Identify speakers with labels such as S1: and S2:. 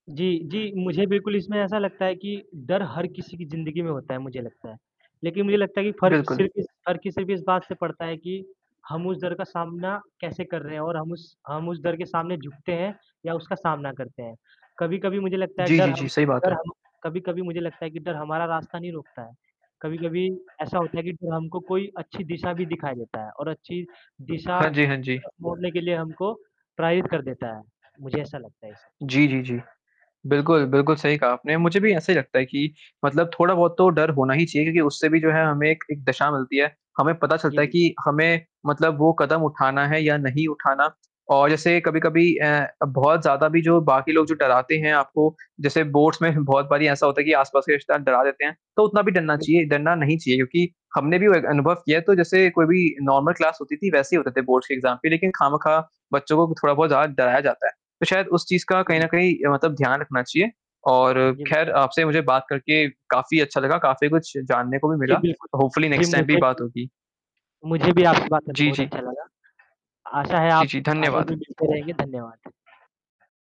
S1: जी, जी, मुझे बिल्कुल इसमें ऐसा लगता है कि डर हर किसी की ज़िंदगी में होता है, मुझे लगता है, लेकिन मुझे लगता है कि फ़र्क़
S2: बिल्कुल।
S1: सिर्फ़ इस फ़र्क़ सिर्फ़ इस बात से पड़ता है कि हम उस डर का सामना कैसे कर रहे हैं और हम उस हम उस डर के सामने झुकते हैं या उसका सामना करते हैं। कभी-कभी मुझे लगता है
S2: जी,
S1: डर
S2: जी,
S1: हम
S2: जी। सही बात
S1: डर
S2: है।
S1: हम कभी-कभी मुझे लगता है कि डर हमारा रास्ता नहीं रोकता है, कभी-कभी ऐसा होता है कि डर हमको कोई अच्छी दिशा भी दिखा देता है और अच्छी दिशा
S2: हाँ जी, हाँ जी।
S1: मोड़ने के लिए हमको प्राइप कर देता है, मुझे ऐसा लगता है ये सब चीज़ें
S2: जी,
S1: को
S2: जी, जी,
S1: दे जी।
S2: बिल्कुल, बिल्कुल सही कहा आपने मुझे भी ऐसा ही लगता है कि मतलब थोड़ा-बहुत तो डर होना ही चाहिए क्योंकि उससे भी जो है हमें एक-एक दशा मिलती है। हमें पता
S1: जी
S2: चलता है
S1: बिल्कुल।
S2: कि हमें मतलब वो कदम उठाना है या नहीं उठाना और जैसे कभी-कभी अ, बहुत ज़्यादा भी जो बाकी लोग जो डराते हैं आपको जैसे बोर्ड्स में बहुत बारी ऐसा होता है कि आस-पास के रिश्तेदार डरा देते हैं, तो उतना भी डरना
S1: बिल्कुल,
S2: चाहिए,
S1: बिल्कुल।
S2: डरना नहीं चाहिए क्योंकि हमने भी वो एक अनुभव किया है तो जैसे कोई भी नॉर्मल क्लास होती थी वैसे ही होते थे बोर्ड्स के एग्ज़ाम पे लेकिन खामख़ा बच्चों को थोड़ा-बहुत ज़्यादा डराया जाता है। तो शायद उस चीज़ का कहीं
S1: सही
S2: न
S1: बात।
S2: कहीं अ, मतलब ध्यान रखना चाहिए और
S1: जी, बि
S2: ख़ैर आपसे मुझे बात करके काफ़ी अच्छा लगा, काफ़ी कुछ जानने को भी
S1: जी,
S2: मिला
S1: बिल्कुल।
S2: होपफुली
S1: जी,
S2: नेक्स्ट टाइम भी
S1: मुझे
S2: बात होगी।
S1: मुझे भी आपसे बात करके
S2: जी,
S1: बहुत
S2: जी।
S1: अच्छा लगा आशा है
S2: जी,
S1: आप
S2: जी।
S1: आगे
S2: धन्यवाद।
S1: भी मिलते रहेंगे। धन्यवाद।